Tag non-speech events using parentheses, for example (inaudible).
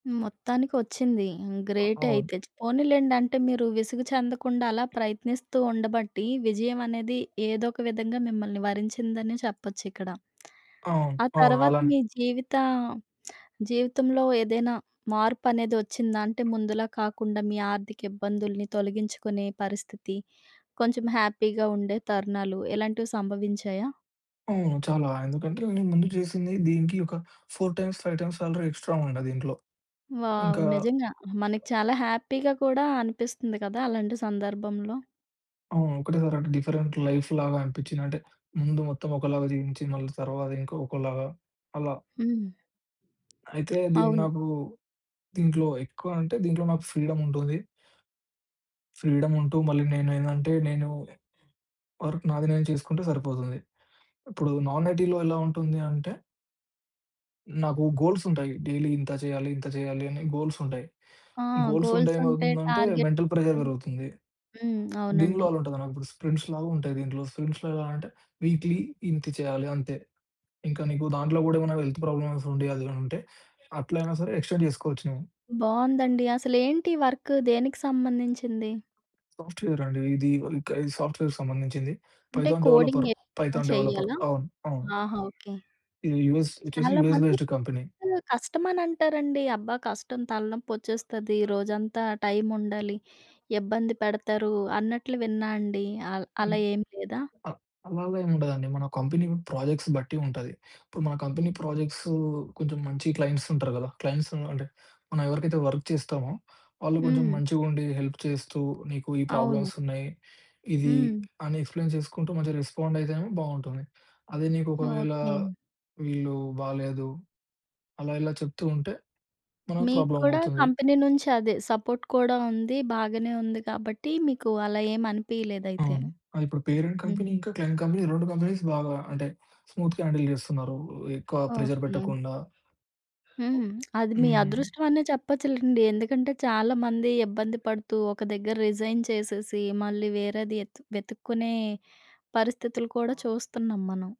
మొత్తానికొచ్చింది. హ్మ్, ఆ! అవును. గ్రేటయితే. చ్ పోనీలెండి. అంటే, మీరూ విసుగు చెందకుండా అలా ప్రయత్నిస్తూ ఉండబట్టీ, విజయవనేది ఏదో ఒక విధంగా మిమ్మల్ని వరించిందని చెప్పచ్చిక్కడ. (smacks lips) ఆ! ఆ అవును. తర్వాత అలానే. మీ జీవితా (smacks lips) జీవితంలో ఏదైనా మార్పనేది ఒచ్చిందా? అంటే, ముందులాగ కాకుండా, మీ ఆర్థిక ఇబ్బందులుని తొలగించుకునే పరిస్థితి, కొంచెం హ్యాపీగా ఉండే తరుణాలు, ఇలాంటివి సంభవించాయా? అవును. చాలా. ఎందుకంటే, ఇంతకముందు చేసింది, దీనికి ఒక 4 టైమ్స్, 5 టైమ్స్ శాలరీ ఎక్స్ట్రా ఉండే దీంట్లో.ఇంకా వావ్! నిజంగా. మనకి చాలా హ్యాపీగా కూడా అనిపిస్తుంది కదా అలాంటి సందర్భంలో. అవును. ఒకటేసారంటే, డిఫరెంట్ లైఫ్‌లాగా అనిపిచ్చింది. అంటే, ముందు మొత్తమొకలాగా జీవించి, మళ్ళీ తర్వాత ఇంకా ఒకలాగా అలా. హ్మ్. అయితే, దీన్ని అవును. నాకూ దీంట్లో ఎక్కువ అంటే, దీంట్లో నాకు ఫ్రీడముంటుంది. ఫ్రీడముంటూ మళ్ళీ నేనేందంటే, నేనూ ఎ వర్క్ నాది నేను చేసుకుంటే సరిపోతుంది. ఇప్పుడు నాన్ ఐటీ‌లో ఎలా ఉంటుంది అంటే నాకు గోల్సుంటాయి, డైలీ ఇంత చెయ్యాలి, ఇంత జెయ్యాలి అని గోల్సుంటాయి. ఆ! గోల్సుంటే గోల్సుంటాయి, ఏమవుతుందంటే, మెంటల్ ప్రెజర్ టార్గెట్సుంటాయి. వెరుగుతుంది. హ్మ్. దీనిలో అవునండి. అలా ఉంటదనమాట. ఇప్పుడు స్ప్రింట్స్‌లాగుంటాయి దీంట్లో. సుంషొలా అంటే, వీక్లీ ఇంతె చెయ్యాలి అంతే. ఇంకా నీకు దాంట్లో గూడా ఏమన్నా వెల్త్ ప్రాబ్లమ్సుండి, అదేమైనుంటే, అట్లయినా సరే ఎక్స్‌టెండ్ చేసుకోవచ్చు నువ్వు. బావుందండి. అసలేంటి వర్క్, దేనికి సంబంధించింది? సాఫ్ట్‌వేరండీ ఇదీ. ఇంక ఇది సాఫ్ట్‌వేర్‌కి సంబంధించింది. అంటే, పైథాన్ డెవలపర్. కోడింగెక్కువ పైథాన్ డెవలపర్. చెయ్యాలా? అవును. అవును. ఆహా! ఓకే. ఇది యూఎస్. ఒచ్చేసి యూఎస్ చాలామంది బేస్డ్ కంపెనీ. కష్టమనంటారండి. అబ్బా! కష్టం, తలనొప్పొచ్చేస్తది, (unintelligible) రోజంతా టైముండాలి, (unintelligible) ఇబ్బంది పెడతారు అన్నట్లు విన్నా అండీ. ఆహ్, అన్ అలా ఏం లేదా? అ అలలా ఏముండదండి. మన కంపెనీ ప్రాజెక్ట్స్ బట్టి ఉంటది. ఇప్పుడు మన కంపెనీ ప్రాజెక్ట్సూ కొంచుం మంచి క్లయింట్సుంటారు గదా! క్లయింట్సూ అంటే, మనం ఎవరికైతే వర్క్ చేస్తామో, వాళ్ళు కొంచుం హ్మ్. మంచిగుండీ హెల్ప్ చేస్తూ, నీకు ఈ అవును. ప్రాబ్లమ్సున్నాయి, ఇదీ హ్మ్. అని ఎక్స్‌ప్లెయిన్ చేసుకుంటూ, మంచిగ రెస్పాండయితేనేమో బావుంటుంది. అదే నీకొకవేళా ఓకే. వీళ్ళూ బాలేదు, అలా ఇలా చెప్తూ ఉంటే, మనకు మీకు కుడా ప్రాబ్లమవుతుంది. కంపెనీ నుంచి అదే, సపోర్ట్ కూడా ఉంది, బాగనే ఉంది కాబట్టీ, మీకు అలా ఏమనిపియలేదయితే. అవును. అదిప్పుడు పేరెంట్ కంపెనీ హ్మ్. ఇంకా క్లయింట్ కంపెనీ, రొండు కంపెనీస్ బాగా అంటే, స్మూత్‌గా హ్యాండిల్ చేస్తన్నారూ, ఎక్కువా ప్రెజర్ ఓకే. పెట్టకుండా. హ్మ్. (smacks lips) అది మీ హ్మ్. అదృష్టవనే చెప్పచ్చులెండి. ఎందుకంటే, చాలామంది ఇబ్బంది (unintelligible) పడుతూ, ఒక దగ్గర రిజైన్ చేసేసి, మళ్ళీ వేరేది యెతు వెతుక్కునే పరిస్థితులు కూడా అవును. చూస్తన్నాం మనం.